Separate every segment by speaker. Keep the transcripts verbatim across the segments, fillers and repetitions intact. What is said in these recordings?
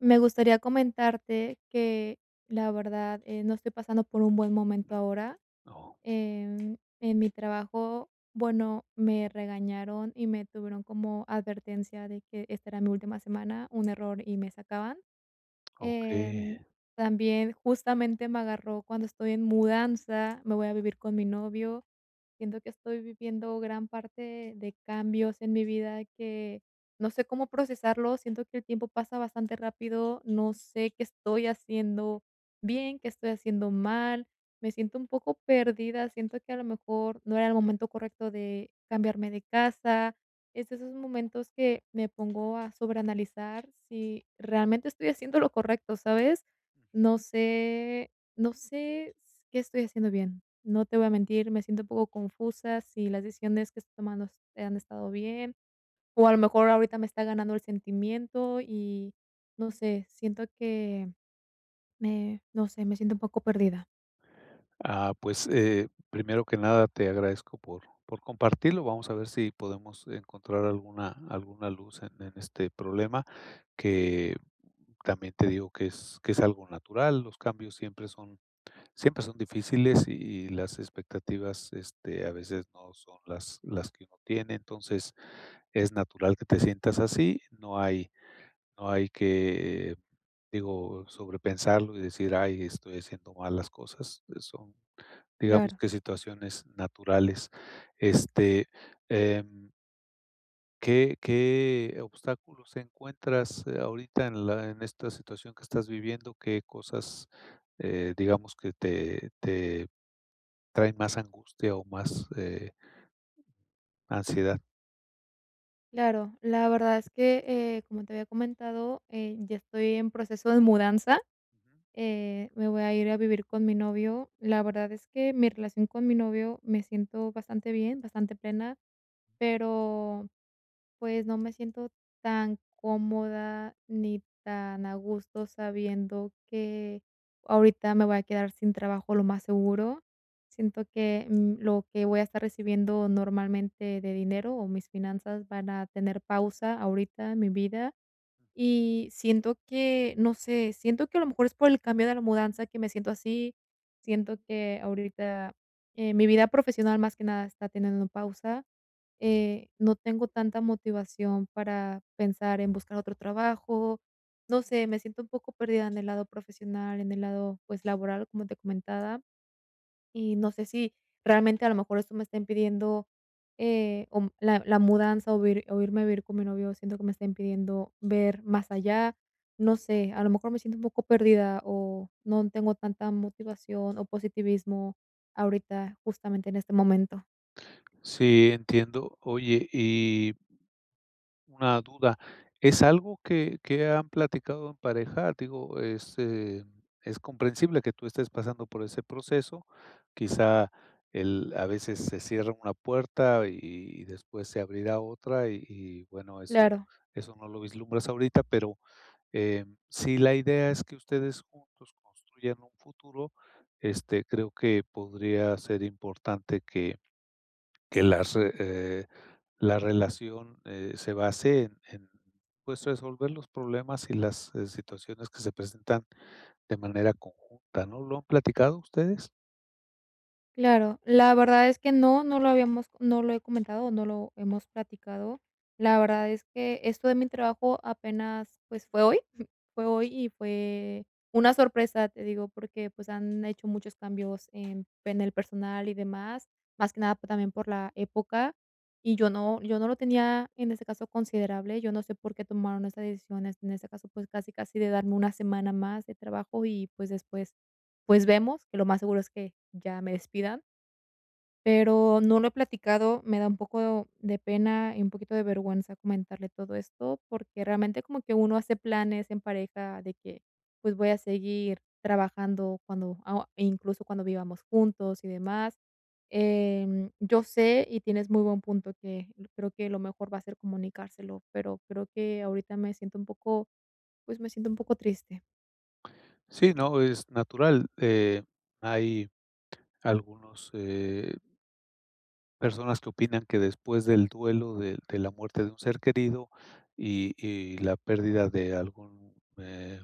Speaker 1: Me gustaría comentarte que, la verdad, eh, no estoy pasando por un buen momento ahora,
Speaker 2: ¿No?
Speaker 1: em, en mi trabajo, bueno, me regañaron y me tuvieron como advertencia de que esta era mi última semana. Un error y me sacaban, em,
Speaker 2: Okey.
Speaker 1: también justamente me agarró cuando estoy en mudanza. Me voy a vivir con mi novio. Siento que estoy viviendo gran parte de cambios en mi vida que no sé cómo procesarlos, siento que el tiempo pasa bastante rápido, no sé qué estoy haciendo bien, qué estoy haciendo mal, me siento un poco perdida, siento que a lo mejor no era el momento correcto de cambiarme de casa. Es de esos momentos que me pongo a sobreanalizar si realmente estoy haciendo lo correcto, ¿sabes?
Speaker 2: Ujú.
Speaker 1: No sé, no sé s qué estoy haciendo bien. No te voy a mentir, me siento un poco confusa, si las decisiones que estoy tomando, sí han estado bien, o a lo mejor ahorita me está ganando el sentimiento y no sé, siento que, me no sé, me siento un poco perdida.
Speaker 2: Ah, pues, eh, primero que nada, te agradezco por por compartirlo, vamos a ver sí podemos encontrar alguna alguna luz en en este problema, que también te digo que es que es algo natural, los cambios siempre son siempre son difíciles y las expectativas, este, a veces no son las las que uno tiene, entonces, es natural que te sientas así, no hay no hay que, eh, digo, sobre pensarlo y decir: "Ay, estoy haciendo mal las cosas", eh, son, digamos
Speaker 1: Claro.
Speaker 2: que situaciones naturales, este, em ¿qué qué obstáculos encuentras ahorita en la en esta situación que estás viviendo?, ¿qué cosas, eh, digamos que te te traen más angustia o más, eh? ¿ansiedad?
Speaker 1: Claro, la verdad es que, eh, como te había comentado, eh, ya estoy en proceso de mudanza,
Speaker 2: Ujú.
Speaker 1: eh, me voy a ir a vivir con mi novio, la verdad es que mi relación con mi novio me siento bastante bien, bastante plena, pero, pues, no me siento tan cómoda ni tan a gusto sabiendo que ahorita me voy a quedar sin trabajo lo más seguro, siento que, mm, lo que voy a estar recibiendo normalmente de dinero o mis finanzas van a tener pausa ahorita en mi vida y siento que, no sé, siento que a lo mejor es por el cambio de la mudanza que me siento así, siento que ahorita, eh, mi vida profesional más que nada está teniendo pausa, eh, no tengo tanta motivación para pensar en buscar otro trabajo, no sé, me siento un poco perdida en el lado profesional, en el lado, pues, laboral, como te comentaba, y no sé si realmente a lo mejor esto me está impidiendo, eh, o la la mudanza o o irme a vivir con mi novio, siento que me está impidiendo ver más allá, no sé, a lo mejor me siento un poco perdida, o no tengo tanta motivación o positivismo ahorita, justamente en este momento.
Speaker 2: Sí, entiendo. Oye, y una duda, ¿es algo que que han platicado en pareja? Digo, es, eh, es comprensible que tú estés pasando por ese proceso. Quizá, el a veces, se cierra una puerta, y y después se abrirá otra, y y bueno, eso
Speaker 1: Claro.
Speaker 2: eso no lo vislumbras ahorita. Pero, eh, si la idea es que ustedes juntos construyan un futuro, este, creo que podría ser importante que que las re eh, la relación, eh, se base en en, pues, resolver los problemas y las, eh, situaciones que se presentan de manera conjunta, ¿no? ¿Lo han platicado ustedes?
Speaker 1: Claro. La verdad es que no, no lo habíamos No lo he comentado, no lo hemos platicado. La verdad es que, esto de mi trabajo apenas, pues, fue hoy. Fue
Speaker 2: Ujú.
Speaker 1: hoy y fue una sorpresa, te digo, porque, pues, han hecho muchos cambios en en el personal y demás, más que nada también por la época. Y yo no yo no lo tenía en ese caso considerable. Yo no sé por qué tomaron estas decisiones, en este caso, pues, casi, casi de darme una semana más de trabajo y, pues, después, pues, vemos, que lo más seguro es que ya me despidan. Pero no lo he platicado. Me da un poco de pena y un poquito de vergüenza comentarle todo esto, porque, realmente, como que uno hace planes en pareja de que, pues, voy a seguir trabajando cuando ah, incluso cuando vivamos juntos y demás. Em, yo sé, y tienes muy buen punto que creo que lo mejor va a ser comunicárselo, pero creo que ahorita me siento un poco, pues, me siento un poco triste.
Speaker 2: Sí, no, es natural, eh, hay algunos, eh personas que opinan que después del duelo de de la muerte de un ser querido, y y la pérdida de algún, eh,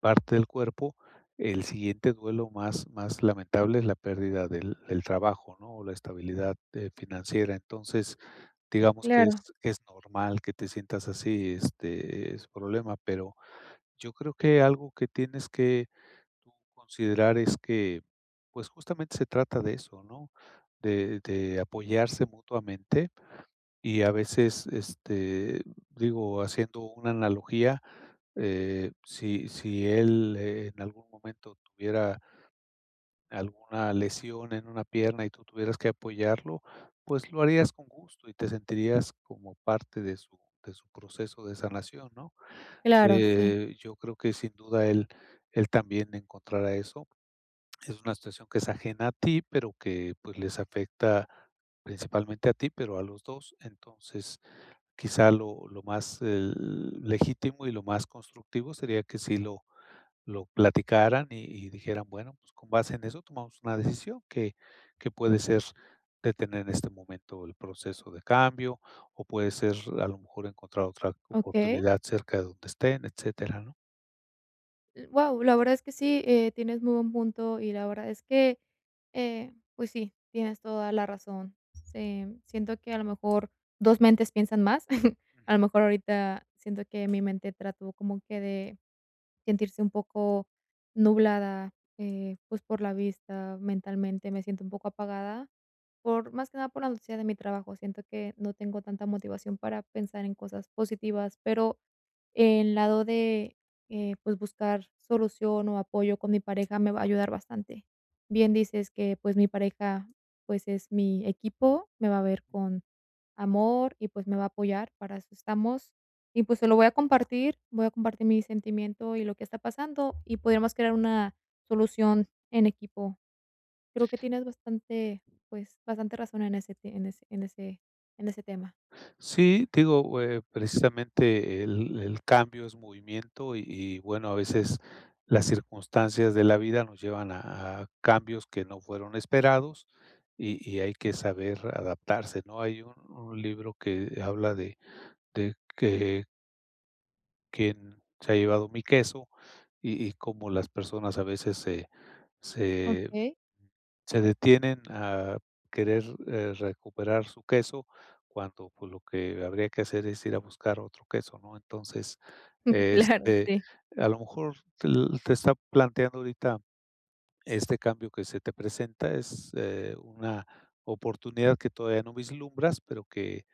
Speaker 2: parte del cuerpo, el siguiente duelo más más lamentable es la pérdida del del trabajo, ¿no?, o la estabilidad, eh, financiera. Entonces, digamos que
Speaker 1: Claro.
Speaker 2: es que es normal que te sientas así este, ese problema. Pero, yo creo que algo que tienes tú considerar es que, pues justamente se trata de eso, ¿no?, de de apoyarse mutuamente, y a veces, este, digo, haciendo una analogía, eh, si si él en algún momento tuviera alguna lesión en una pierna y tú tuvieras que apoyarlo, pues lo harías con gusto y te sentirías como parte de su de su proceso de sanación, ¿no?
Speaker 1: Claro, sí.
Speaker 2: Eh, yo creo que sin duda él él también encontrará eso. Es una situación que es ajena a ti, pero que pues les afecta, principalmente a ti, pero a los dos. Entonces, quizá lo lo más el legítimo y lo más constructivo, sería que sí lo lo platicaran y y dijeran bueno, pues, con base en eso, tomamos una decisión, que que puede ser detener en este momento el proceso de cambio, o puede ser a lo mejor encontrar otra
Speaker 1: Okey.
Speaker 2: oportunidad cerca de donde estén, etcétera, ¿no?
Speaker 1: L Guau, la verdad es que sí. Eh, tienes muy buen punto. Y la verdad es que, eh, pues, sí, tienes toda la razón. Sí, siento que, a lo mejor, dos mentes piensan más. A lo
Speaker 2: Ujú.
Speaker 1: mejor, ahorita siento que mi mente trató como que de sentirse un poco nublada, eh, pues, por la vista. Mentalmente, me siento un poco apagada por más que nada, por la noticia de mi trabajo, siento que no tengo tanta motivación para pensar en cosas positivas. Pero el lado de, eh, pues, buscar solución o apoyo con mi pareja, me va a ayudar bastante. Bien dices que, pues, mi pareja, pues, es mi equipo. Me va a ver con amor y, pues, me va a apoyar, para eso estamos, y pues, se lo voy a compartir, voy a compartir mi sentimiento y lo que está pasando, y podríamos crear una solución en equipo. Creo que tienes bastante, pues, bastante razón en ese te en ese en ese en ese tema.
Speaker 2: Sí, te digo, o, eh, precisamente, el el cambio es movimiento y y bueno, a veces las circunstancias de la vida nos llevan a a cambios que no fueron esperados y y hay que saber adaptarse, ¿no? Hay un un libro que habla de de que ¿Quién se ha llevado mi queso?, y y cómo las personas a veces se se
Speaker 1: Okey.
Speaker 2: se detienen a querer, eh, recuperar su queso cuando, pues, lo que habría que hacer es ir a buscar otro queso, ¿no? Entonces,
Speaker 1: Claro,
Speaker 2: este,
Speaker 1: sí.
Speaker 2: a lo mejor l te está planteando ahorita este cambio que se te presenta es, eh, una oportunidad que todavía no vislumbras, pero que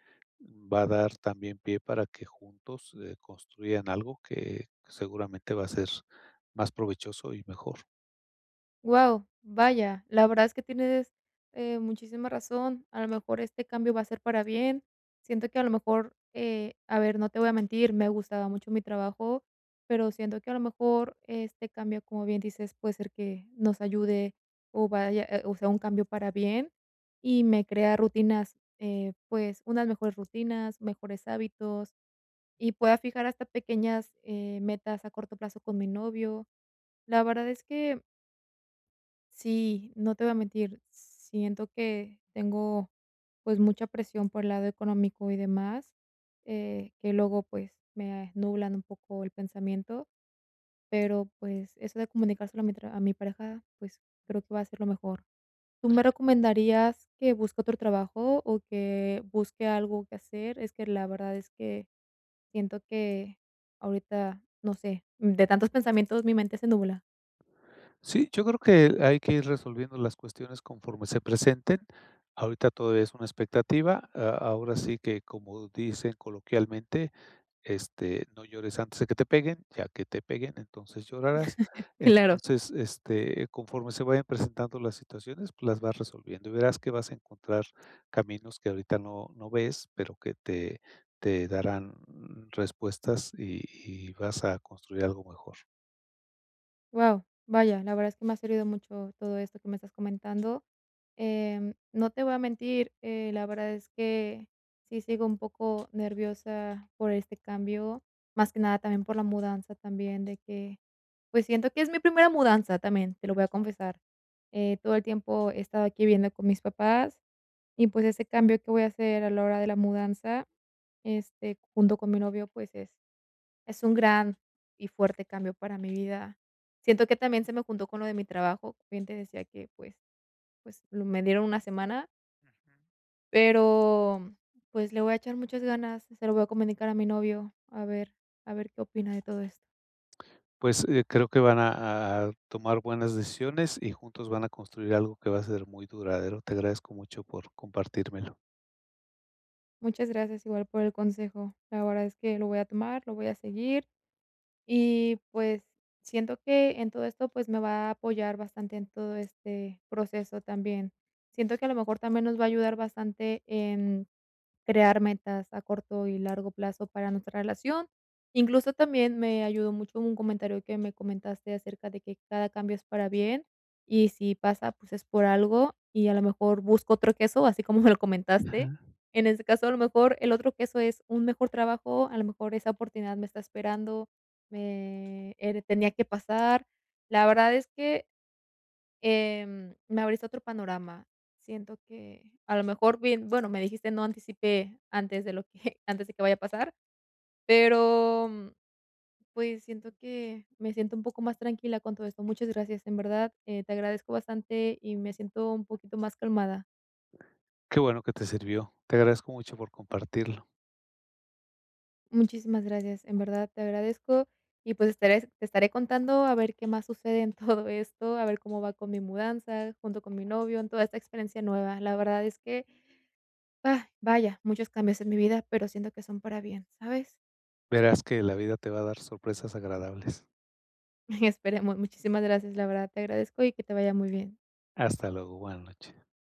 Speaker 2: va a dar también pie para que juntos, eh, construyan algo que seguramente va a ser más provechoso y mejor.
Speaker 1: Guau, vaya, la verdad es que tienes, eh, muchísima razón, a lo mejor este cambio va a ser para bien, siento que a lo mejor, eh a ver, no te voy a mentir, me gustaba mucho mi trabajo, pero siento que a lo mejor este cambio, como bien dices, puede ser que nos ayude o vaya o sea un cambio para bien y me crea rutinas, eh, pues unas mejores rutinas, mejores hábitos y pueda fijar hasta pequeñas, eh, metas a corto plazo con mi novio, la verdad es que Sí, no te voy a mentir, siento que tengo, pues, mucha presión por el lado económico y demás, eh, que luego, pues, me nublan un poco el pensamiento. Pero, pues, eso de comunicárselo a mi tra a mi pareja, pues, creo que va a ser lo mejor. ¿Tú me recomendarías que busque otro trabajo, o que busque algo que hacer? Es que la verdad es que siento que ahorita, no sé, de tantos pensamientos, mi mente se nubla.
Speaker 2: Sí, yo creo que hay que ir resolviendo las cuestiones conforme se presenten. Ahorita todavía es una expectativa. A ahora sí que como dicen coloquialmente, este: "No llores antes de que te peguen, ya que te peguen, entonces, llorarás".
Speaker 1: Claro.
Speaker 2: Entonces, este, conforme se vayan presentando las situaciones, pues, las vas resolviendo y verás que vas a encontrar caminos que ahorita no no ves, pero que te te darán respuestas y y vas a construir algo mejor.
Speaker 1: Guau. Vaya, la verdad es que me ha servido mucho todo esto que me estás comentando. Em, no te voy a mentir, eh, la verdad es que sí sigo un poco nerviosa por este cambio, más que nada también por la mudanza también de que, pues, siento que es mi primera mudanza, también, te lo voy a confesar. Eh, todo el tiempo he estado aquí viviendo con mis papás y, pues, ese cambio que voy a hacer a la hora de la mudanza, este, junto con mi novio, pues, es es un gran y fuerte cambio para mi vida. Siento que también se me juntó con lo de mi trabajo, también te decía que, pues pues, n me dieron una semana.
Speaker 2: Ujú.
Speaker 1: Pero, mm, pues, le voy a echar muchas ganas. Se lo voy a comunicar a mi novio. A ver a ver qué opina de todo esto.
Speaker 2: Pues, eh, creo que van a a tomar buenas decisiones, y juntos van a construir algo que va a ser muy duradero. Te agradezco mucho por compartírmelo.
Speaker 1: Muchas gracias, igual por el consejo. La verdad es que lo voy a tomar, lo voy a seguir y, pues, siento que en todo esto, pues, me va a apoyar bastante en todo este proceso también. Siento que a lo mejor también nos va a ayudar bastante en crear metas a corto y largo plazo para nuestra relación. Incluso también me ayudó mucho un comentario que me comentaste acerca de que cada cambio es para bien, y si pasa, pues, es por algo, y a lo mejor busco otro queso, así como me lo comentaste.
Speaker 2: Ajá.
Speaker 1: En ese caso, a lo mejor, el otro queso es un mejor trabajo, a lo mejor esa oportunidad me está esperando, me eh, re tenía que pasar. La verdad es que, em, me abriste otro panorama, siento que, a lo mejor, bien Bueno, me dijiste no anticipé antes de lo que antes de que vaya a pasar, pero, pues, siento que me siento un poco más tranquila con todo esto. Muchas gracias. En verdad, eh, te agradezco bastante y me siento un poquito más calmada.
Speaker 2: Qué bueno que te sirvió. Te agradezco mucho por compartirlo.
Speaker 1: Muchísimas gracias. En verdad te agradezco y, pues, estaré te estaré contando a ver qué más sucede en todo esto. A ver cómo va con mi mudanza junto con mi novio en toda esta experiencia nueva. La verdad es que, vaya, muchos cambios en mi vida, pero siento que son para bien, ¿sabes?
Speaker 2: Verás que la vida te va a dar sorpresas agradables.
Speaker 1: Esperemos. Muchísimas gracias, la verdad, te agradezco y que te vaya muy bien.
Speaker 2: Hasta luego. Buena noche.